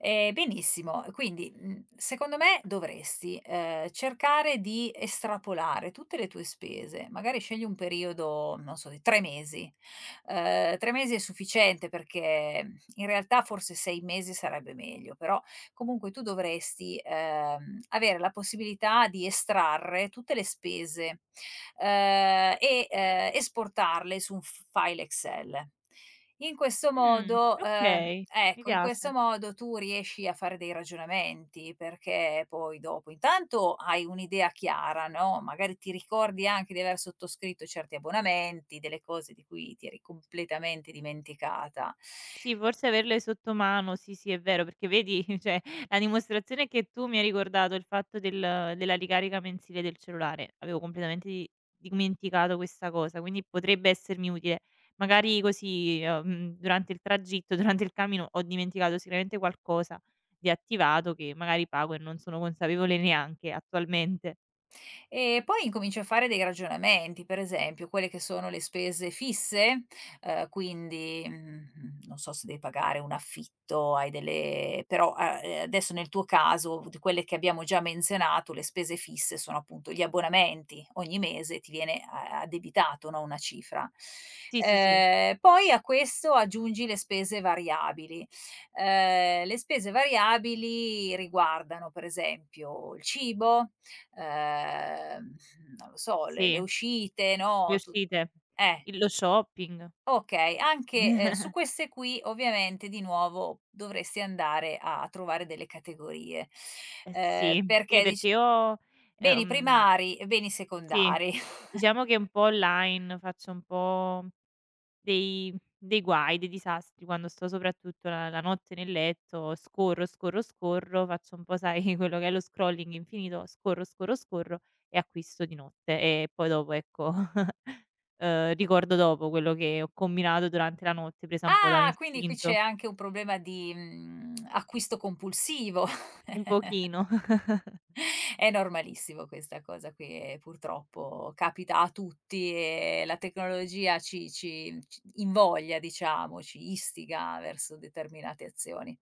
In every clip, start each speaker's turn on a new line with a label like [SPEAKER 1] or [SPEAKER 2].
[SPEAKER 1] Ehm, benissimo, quindi, uhm, secondo me dovresti, ehm, cercare di estrapolare tutte le tue spese. Magari scegli un periodo, non so, di 3 mesi, uhm, 3 mesi è sufficiente perché in realtà forse 6 mesi sarebbe meglio, però comunque tu dovresti, ehm, avere la possibilità di estrarre tutte le spese, ehm, e, ehm, esportarle su un f-file Excel. In questo
[SPEAKER 2] Mhmm,
[SPEAKER 1] modo, ehm
[SPEAKER 2] okay, mi
[SPEAKER 1] ecco, in questo
[SPEAKER 2] piace.
[SPEAKER 1] modo tu riesci a fare dei ragionamenti perché poi dopo intanto hai un'idea chiara, no, magari ti ricordi anche di aver sottoscritto certi abbonamenti, delle cose di cui ti eri completamente dimenticata
[SPEAKER 2] Sì, averle sotto mano sì, sì è vero, perché vedi cioè la dimostrazione è che tu mi hai ricordato il fatto del della ricarica mensile del cellulare, avevo completamente di dimenticato questa cosa, quindi potrebbe essermi utile. Magari così, uhm, durante il tragitto, durante il cammino, ho dimenticato sicuramente qualcosa di attivato che magari pago e non sono consapevole neanche attualmente.
[SPEAKER 1] E poi incominci a fare dei ragionamenti per esempio quelle che sono le spese fisse, uhm, quindi, mhmm, non so se devi pagare un affitto, hai delle però, a ehm, adesso nel tuo caso quelle che abbiamo già menzionato, le spese fisse, sono appunto gli abbonamenti. Ogni mese ti viene a addebitato, no, una cifra,
[SPEAKER 2] Sì, sì, sì.
[SPEAKER 1] ehm, poi a questo aggiungi le spese variabili, uhm, le spese variabili riguardano, per esempio, il cibo ehm, non lo so, le le
[SPEAKER 2] Sì.
[SPEAKER 1] uscite,
[SPEAKER 2] Le
[SPEAKER 1] no, tut
[SPEAKER 2] uscite.
[SPEAKER 1] eh.
[SPEAKER 2] I lo shopping.
[SPEAKER 1] Okay, anche, ehm, su queste qui ovviamente di nuovo dovresti andare a a trovare delle categorie,
[SPEAKER 2] Eh
[SPEAKER 1] ehm,
[SPEAKER 2] sì sì,
[SPEAKER 1] perché
[SPEAKER 2] perché
[SPEAKER 1] dic
[SPEAKER 2] io,
[SPEAKER 1] beni
[SPEAKER 2] ehm
[SPEAKER 1] primari e beni
[SPEAKER 2] sì,
[SPEAKER 1] secondari.
[SPEAKER 2] diciamo che un po' online faccio un po' dei dei guai, dei disastri quando sto soprattutto la la notte nel letto, scorro, scorro, scorro, faccio un po' sai quello che è lo scrolling infinito, scorro, scorro, scorro e acquisto di notte e poi dopo ecco, uhm, ricordo dopo quello che ho combinato durante la notte presa un po'
[SPEAKER 1] Ah! Quindi qui c'è
[SPEAKER 2] dall'istinto.
[SPEAKER 1] anche un problema di, mhmm, acquisto compulsivo?
[SPEAKER 2] Un pochino.
[SPEAKER 1] È normalissimo questa cosa qui e purtroppo capita a tutti e la tecnologia ci ci ci invoglia diciamo, ci istiga verso determinate azioni.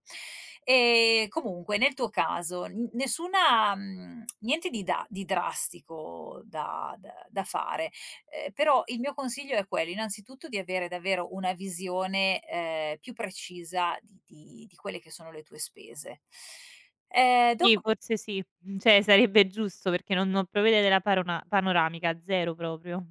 [SPEAKER 1] E comunque nel tuo caso n nessuna mhmm, niente di da di drastico da d da fare, ehm, però il mio consiglio è quello innanzitutto di avere davvero una visione, ehm, più precisa di di di quelle che sono le tue spese. Ehm,
[SPEAKER 2] Sì,
[SPEAKER 1] dopo
[SPEAKER 2] forse sì cioè sarebbe giusto perché non non puoi vedere la paron panoramica, 0 proprio.